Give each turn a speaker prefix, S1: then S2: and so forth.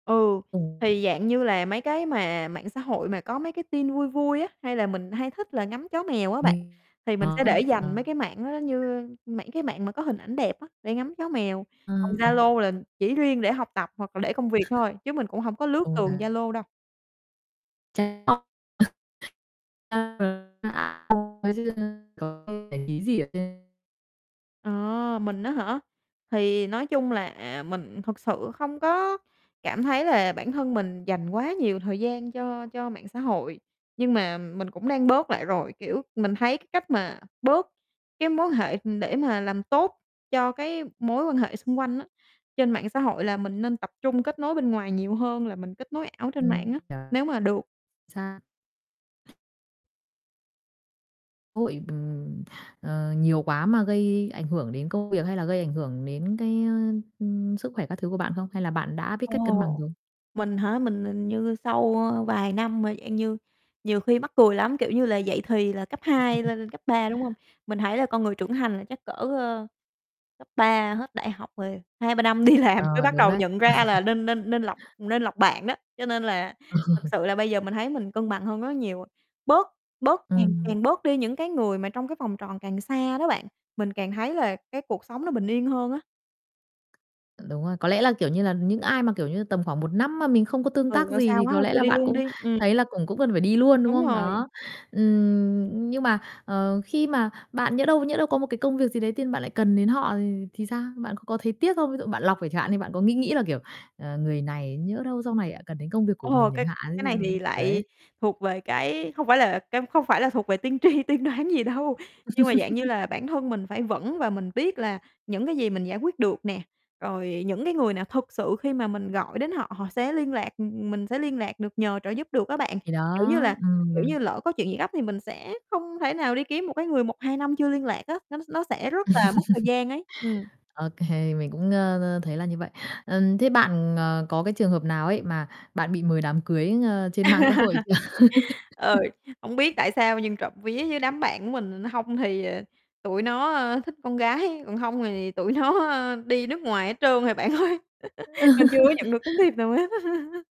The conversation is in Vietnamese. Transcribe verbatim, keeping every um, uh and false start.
S1: Ừ,
S2: Ừm.
S1: thì dạng như là mấy cái mà mạng xã hội mà có mấy cái tin vui vui á, hay là mình hay thích là ngắm chó mèo á bạn, thì mình sẽ để dành mấy cái mạng đó giống
S2: [unintelligible]
S1: như, ơ, mạng cái mạng mà có hình ảnh đẹp á, để ngắm chó mèo,
S2: Ơ,
S1: còn
S2: ừm.
S1: Zalo là chỉ riêng để học tập hoặc là để công việc thôi, chứ mình cũng hổng có lướt tường
S2: [unintelligible]
S1: Zalo đâu.
S2: [unintelligible] Kiểu, không để ý gì ở trên.
S1: Ờ, mình á hả? Thì nói chung là, à, mình thực sự không có cảm thấy là bản thân mình dành quá nhiều thời gian cho cho mạng xã hội, nhưng mà mình cũng đang bớt lại rồi, kiểu, mình thấy cái cách mà bớt cái mối quan hệ, ừm, để mà làm tốt cho cái mối quan hệ xung quanh á, trên mạng xã hội là mình nên tập trung kết nối bên ngoài nhiều hơn là mình kết nối ảo trên mạng
S2: Ừm,
S1: á,
S2: kiểu
S1: nếu mà được.
S2: xa. Hội bình, ờ, nhiều quá mà gây ảnh hưởng đến công việc hay là gây ảnh hưởng đến cái, ơ, ưm, sức khỏe các thứ của bạn không? Hay là bạn đã biết cách cân bằng
S1: Ồ,
S2: rồi?
S1: mình hả? Mình hình như sau, ơ, vài năm mà dạng như nhiều khi mắc cười lắm, kiểu như là, dậy thì là cấp hai lên cấp ba, đúng hông? Mình thấy là con người trưởng thành là chắc cỡ, ơ, cấp ba hết đại học rồi hai ba năm đi làm mới
S2: Ờ,
S1: bắt
S2: đúng
S1: đầu
S2: đấy.
S1: nhận ra là nên nên nên lọc nên lọc bạn đó. Cho nên là
S2: Ờ.
S1: thật sự là bây giờ mình thấy mình cân bằng hơn rất là nhiều rồi, bớt bớt càng
S2: Ừm.
S1: càng bớt đi những cái người mà trong cái vòng tròn càng xa đó bạn, mình càng thấy là cái cuộc sống nó bình yên hơn á.
S2: Đúng rồi, có lẽ là, kiểu như là, những ai mà, kiểu như, tầm khoảng một năm mà mình không có tương
S1: Ừ,
S2: tác
S1: ở
S2: gì
S1: xa
S2: thì
S1: quá
S2: có
S1: thôi
S2: lẽ
S1: cho
S2: là
S1: đi
S2: bạn
S1: luôn
S2: cũng
S1: đi, ừm.
S2: thấy là cùng cũng cần phải đi luôn, đúng
S1: Đúng
S2: không?
S1: rồi.
S2: Đó, ừm, nhưng mà, ờ, khi mà bạn nhỡ đâu nhỡ đâu có một cái công việc gì đấy tự nhiên bạn lại cần đến họ thì thì sao? Bạn có có thấy tiếc không? Ví dụ bạn lọc rồi chẳng hạn đi, bạn có nghĩ nghĩ là, kiểu, ờ, người này nhỡ đâu sau này lại cần đến công việc của
S1: Ồ,
S2: mình
S1: cái
S2: chẳng hạn
S1: cái này thì
S2: [unintelligible] kiểu
S1: lại
S2: đấy.
S1: thuộc về cái hông phải là cái không phải là thuộc về tiên tri, tiên đoán gì đâu, nhưng mà, dạng như là, bản thân mình phải vững và mình biết là những cái gì mình giải quyết được nè, rồi những cái người nào thực sự khi mà mình gọi đến họ họ sẽ liên lạc, ừm, mình sẽ liên lạc được, nhờ trợ giúp được á bạn,
S2: Thì đó,
S1: kiểu như là, kiểu
S2: ừm.
S1: như, lỡ có chuyện gì gấp thì mình sẽ không thể nào đi kiếm một cái người một hai năm chưa liên lạc á, nó s nó sẽ rất là mất thời gian ấy, ừm.
S2: Ô kê, mình cũng ngơ ơ, thấy là như vậy. Ừm, thế bạn, ờ, có cái trường hợp nào ấy mà bạn bị mời đám cưới ngơ trên mạng xã hội chưa?
S1: Ừ, hổng biết tại sao nhưng trộm vía với đám bạn của mình nó hông thì tụi nó, ơ, thích con gái, còn hông thì tụi nó, a, đi nước ngoài hết trơn rồi bạn ơi, mình chưa có nhận được tấm thiệp nào hết á.